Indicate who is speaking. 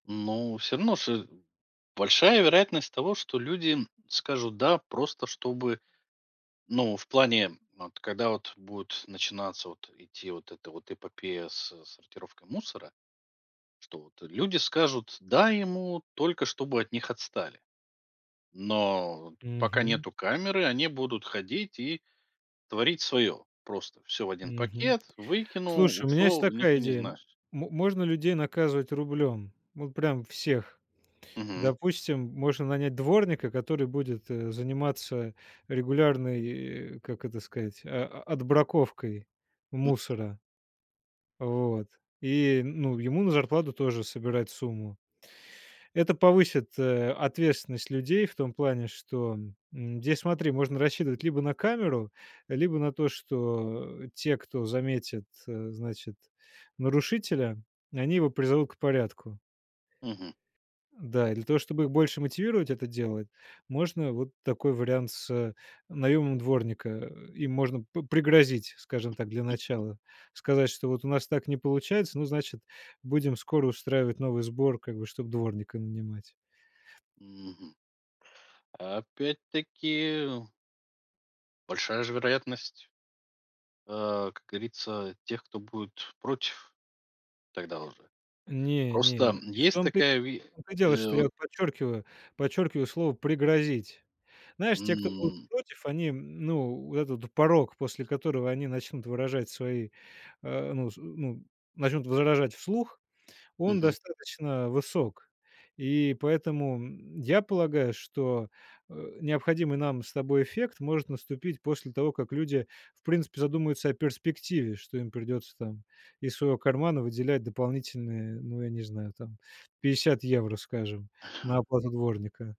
Speaker 1: Ну, всё равно, с большая вероятность того, что люди скажут "да" просто чтобы Ну, в плане, вот когда вот будет начинаться вот идти вот эта вот эпопея с сортировкой мусора. Что вот, э, люди скажут "да" ему, только чтобы от них отстали. Но вот пока
Speaker 2: Мгм.
Speaker 1: нету камеры, они будут ходить и творить свое: просто всё в 1
Speaker 2: Мгм.
Speaker 1: пакет, выкинул,
Speaker 2: Слушай, у меня есть
Speaker 1: ушёл, и никто
Speaker 2: такая
Speaker 1: не
Speaker 2: идея. М
Speaker 1: знаешь.
Speaker 2: можно людей наказывать рублём, вот прям всех.
Speaker 1: Мгм.
Speaker 2: Допустим, можно нанять дворника, который будет, э, заниматься регулярной, э, как это сказать, о отбраковкой мусора. Вот. И, ну, ему на зарплату тоже собирать сумму. Это повысит, э, ответственность людей в том плане, что, м, здесь, смотри, можно рассчитывать либо на камеру, либо на то, что те, кто заметит, э, значит, нарушителя, они его призовут к порядку.
Speaker 1: Мгм.
Speaker 2: Да, и для того, чтобы их больше мотивировать это делать, можно вот такой вариант с наёмом дворника. Э, им можно п пригрозить, скажем так, для начала. Сказать, что вот у нас так не получается, ну, значит, будем скоро устраивать новый сбор, как бы, чтоб дворника нанимать.
Speaker 1: Мгм. Опять-таки большая же вероятность а, как говорится, тех кто будет против тогда уже.
Speaker 2: Не,
Speaker 1: Просто,
Speaker 2: не,
Speaker 1: м,
Speaker 2: и в
Speaker 1: есть
Speaker 2: том-то,
Speaker 1: такая ве
Speaker 2: в том-то и дело,
Speaker 1: э,
Speaker 2: что
Speaker 1: вот
Speaker 2: я подчеркиваю, подчеркиваю слово "пригрозить". Знаешь, те, кто будут
Speaker 1: М.
Speaker 2: против, они, ну, вот этот порог, после которого они начнут выражать свои, э, ну, с ну, начнут возражать вслух, он
Speaker 1: Мгм.
Speaker 2: достаточно высок. И поэтому, м, я полагаю, что, э, необходимый нам с тобой эффект может наступить после того, как люди, в принципе, задумаются о перспективе. Что им придётся там из своего кармана выделять дополнительные, ну, я не знаю, там 50 евро, скажем, на оплату дворника.